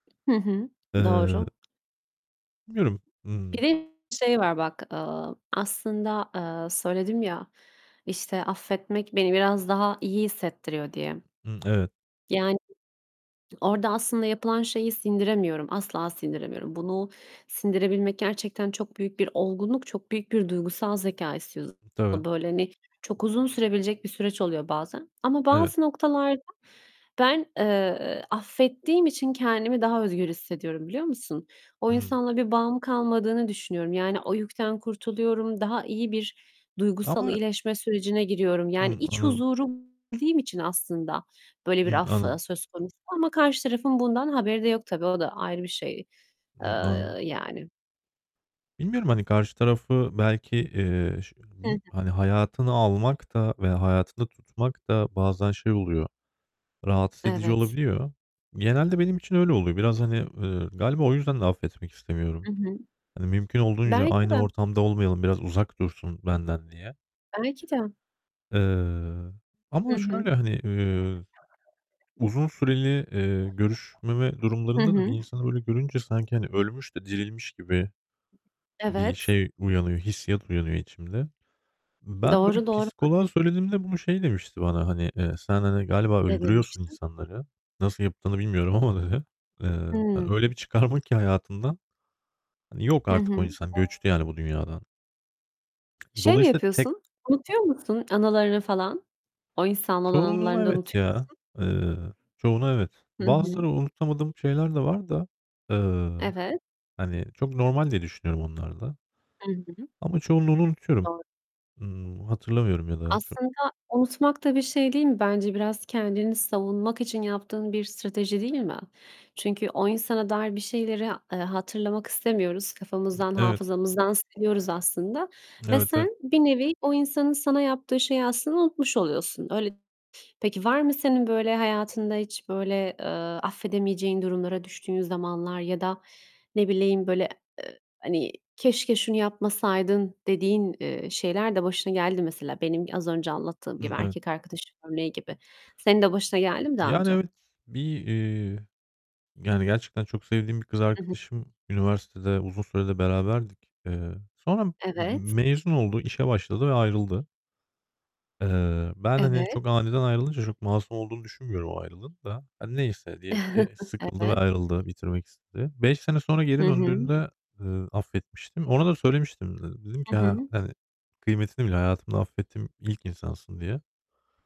Hı hı, Eee doğru. bilmiyorum. Bir Iıı de şey var, bak, eee, aslında, eee, söyledim ya, işte, affetmek beni biraz daha iyi hissettiriyor diye. Iıı, evet. Yani, orada aslında yapılan şeyi sindiremiyorum, asla sindiremiyorum. Bunu sindirebilmek gerçekten çok büyük bir olgunluk, çok büyük bir duygusal zekâ istiyor. Tabii. Böyle, hani, çok uzun sürebilecek bir süreç oluyor bazen. Ama Evet. bazı noktalarda ben, eee, affettiğim için kendimi daha özgür hissediyorum, biliyor musun? O Hıı. insanla bir bağım kalmadığını düşünüyorum. Yani, o yükten kurtuluyorum. Daha iyi bir duygusal Ama iyileşme sürecine giriyorum. Yani Hımm, iç anladım. huzuru [unintelligible] için aslında böyle bir Hımm, af, ııı, anladım. söz konusu. Ama karşı tarafın bundan haberi de yok tabii, o da ayrı bir şey, eee, Hımm, anladım. yani. Bilmiyorum, hani karşı tarafı belki, eee, ş Hı bil hı. hani, hayatına almak da veya hayatında tutmak da bazen şey oluyor, rahatsız edici Evet. olabiliyor. Genelde benim için öyle oluyor. Biraz, hani, eee, galiba o yüzden de affetmek I istemiyorum. hı. Hani, mümkün olduğunca Belki aynı de. ortamda olmayalım, biraz uzak dursun benden diye. Belki de. Eee I ama hı. şöyle, hani, eee, uzun süreli, eee, görüşmeme Hı durumlarında da bir hı. insanı öyle görünce sanki, hani, ölmüş de dirilmiş gibi bir Evet. şey uyanıyor, hissiyat uyanıyor içimde. Ben böyle Doğru, doğru. psikoloğa söylediğimde bunu şey demişti bana, hani, eee, "Sen, hani, galiba Ne öldürüyorsun demiştin? insanları. Nasıl yaptığını bilmiyorum ama." dedi. Eee, Hıı. hani, öyle bir çıkarma ki hayatından. Hani, yok Hı artık o hı. insan, göçtü yani bu dünyadan. Şey mi Dolayısıyla tek yapıyorsun? Unutuyor musun anılarını falan? O insanla olan Çoğunu anılarını da evet, unutuyor ya. musun? Eee, çoğunu evet. Hı hı. Bazıları unutamadığım şeyler de var da, eee, Evet. hani, çok normal diye düşünüyorum onlar da. Hı hı. Ama çoğunluğunu unutuyorum. Doğru. Hıı, hatırlamıyorum ya da çok. Aslında unutmak da bir şey değil mi bence? Biraz kendini savunmak için yaptığın bir strateji değil mi? Çünkü o insana dair bir şeyleri, eee, hatırlamak istemiyoruz. Kafamızdan, Evet. hafızamızdan siliyoruz aslında. Ve Evet, evet. sen bir nevi o insanın sana yaptığı şeyi aslında unutmuş oluyorsun. Öyle peki var mı senin böyle hayatında hiç böyle, eee, affedemeyeceğin durumlara düştüğün zamanlar? Ya da ne bileyim, böyle, eee, hani, "Keşke şunu yapmasaydın." dediğin, eee, şeyler de başına geldi mi? Mesela benim az önce anlattığım gibi, Hımm, ev erkek arkadaş örneği gibi. Senin de başına geldi mi daha Yani, önce? evet, bir, eee, yani, gerçekten çok sevdiğim bir kız I hı. arkadaşım, üniversitede uzun süre de beraberdik. Eee, sonra m-m Evet. mezun oldu, işe başladı ve ayrıldı. Eee, ben hani Evet. çok aniden ayrılınca çok masum olduğunu düşünmüyorum o ayrılığın da. Hani, neyse diyelim ki sıkıldı ve Evet. ayrıldı, bitirmek istedi. 5 sene sonra Hı geri hı. döndüğünde, eee, affetmiştim. Ona da söylemiştim de. Dedim I ki, "Ha hı. hani, kıymetini bil, hayatımda affettiğim ilk insansın." diye.